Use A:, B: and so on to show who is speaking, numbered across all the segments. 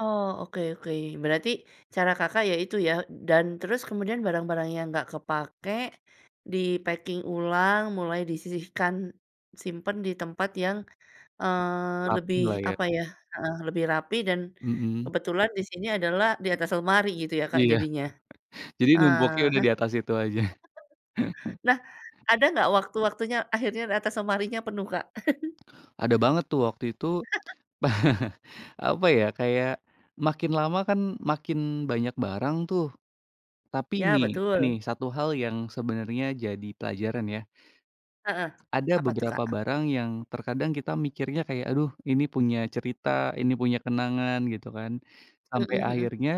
A: Oh, oke oke. Berarti cara Kakak ya itu ya. Dan terus kemudian barang-barang yang nggak kepakai di-packing ulang, mulai disisihkan, simpan di tempat yang, eee, lebih
B: Rapilah ya.
A: apa ya heeh, lebih rapi dan
B: Mhm.
A: kebetulan di sini adalah di atas lemari gitu ya Kak
B: Iya.
A: jadinya.
B: Jadi
A: Ah
B: numpuknya udah
A: hah. [unintelligible]
B: di atas itu aja.
A: Nah, ada nggak waktu-waktunya akhirnya atas lemarinya penuh Kak?
B: Ada banget tuh waktu itu, apa ya, kayak makin lama kan makin banyak barang tuh. Tapi
A: Ya
B: nih nih,
A: betul.
B: satu hal yang sebenarnya jadi pelajaran ya.
A: Heeh.
B: Ada
A: Apa tuh
B: beberapa
A: Kak?
B: barang yang terkadang kita mikirnya kayak, aduh ini punya cerita, ini punya kenangan gitu kan. Sampai
A: Mhm mhm.
B: akhirnya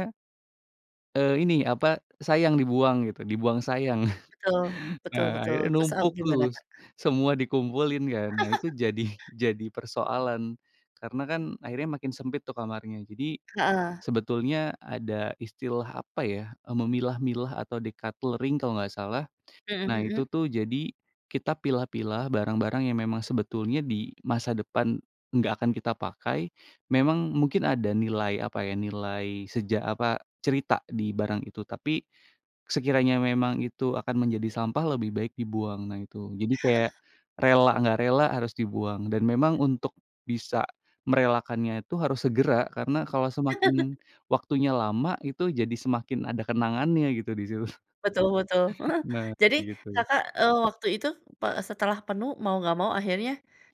B: eee, ini apa, sayang dibuang gitu. Dibuang sayang.
A: Betul. Betul betul.
B: Eee, ya
A: Terus, eee,
B: numpuk
A: gimana
B: tuh, s
A: Kak?
B: semua dikumpulin kan. Nah itu jadi jadi persoalan. Karena kan akhirnya makin sempit tuh kamarnya. Jadi
A: Heeh.
B: sebetulnya ada istilah, apa ya, memilah-milah atau deculttering kalau nggak salah.
A: Mhm
B: Nah itu
A: mhm.
B: tuh jadi kita pilah-pilah barang-barang yang memang sebetulnya di masa depan nggak akan kita pakai. Memang mungkin ada nilai, apa ya, nilai seja apa, cerita di barang itu. Tapi sekiranya memang itu akan menjadi sampah lebih baik dibuang. Nah itu. Jadi kayak rela nggak rela harus dibuang, dan memang untuk bisa merelakannya itu harus segera, karena kalau semakin waktunya lama, itu jadi semakin ada kenangannya gitu di situ.
A: Betul betul.
B: Nah,
A: Jadi
B: kayak gitu.
A: Kakak, eee, waktu itu pe setelah penuh mau nggak mau akhirnya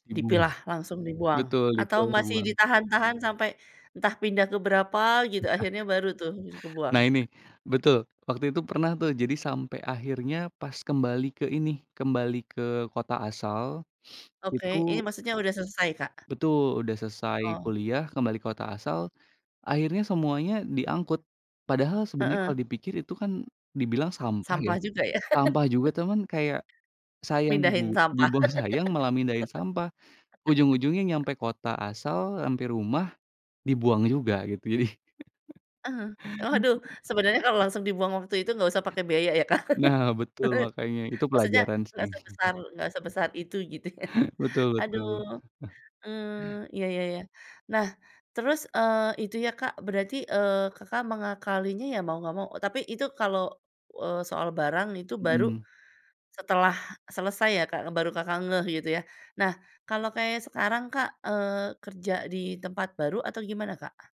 B: Dibuang.
A: dipilah, langsung dibuang?
B: Betul,
A: Atau
B: [unintelligible]
A: masih
B: buang.
A: ditahan-tahan sampai entah pindah ke berapa gitu akhirnya baru tuh bisa kebuang?
B: Nah ini. Betul! Waktu itu pernah tuh jadi sampai akhirnya pas kembali ke ini, kembali ke kota asal, itu
A: Oke, ini maksudnya udah selesai Kak?
B: Betul! Udah selesai
A: Oh.
B: kuliah, kembali kota asal, akhirnya semuanya diangkut. Padahal sebenarnya
A: Heeh.
B: kalau dipikir itu kan dibilang sampah ya.
A: Sampah juga ya.
B: Sampah juga cuman kayak sayang
A: Mindahin
B: dibu
A: sampah.
B: dibuang sayang, malah mindahin sampah. Ujung-ujungnya nyampe kota asal, nyampe rumah, dibuang juga, gitu. Jadi
A: Ah hah. Oh waduh, sebenarnya kalau langsung dibuang waktu itu nggak usah pakai biaya ya Kak.
B: Nah betul, makanya. Itu
A: Maksudnya
B: pelajaran
A: nggak
B: sih.
A: sebesar nggak sebesar itu, gitu.
B: Betul betul.
A: Aduh. Eee, iya iya iya. Nah terus, eee, itu ya Kak berarti, eee, Kakak mengakalinya ya mau nggak mau tapi itu kalau, eee, soal barang itu baru
B: Mhm.
A: setelah selesai ya Kak, baru Kakak ngeh gitu ya. Nah, kalau kayak sekarang Kak, eee, kerja di tempat baru atau gimana Kak?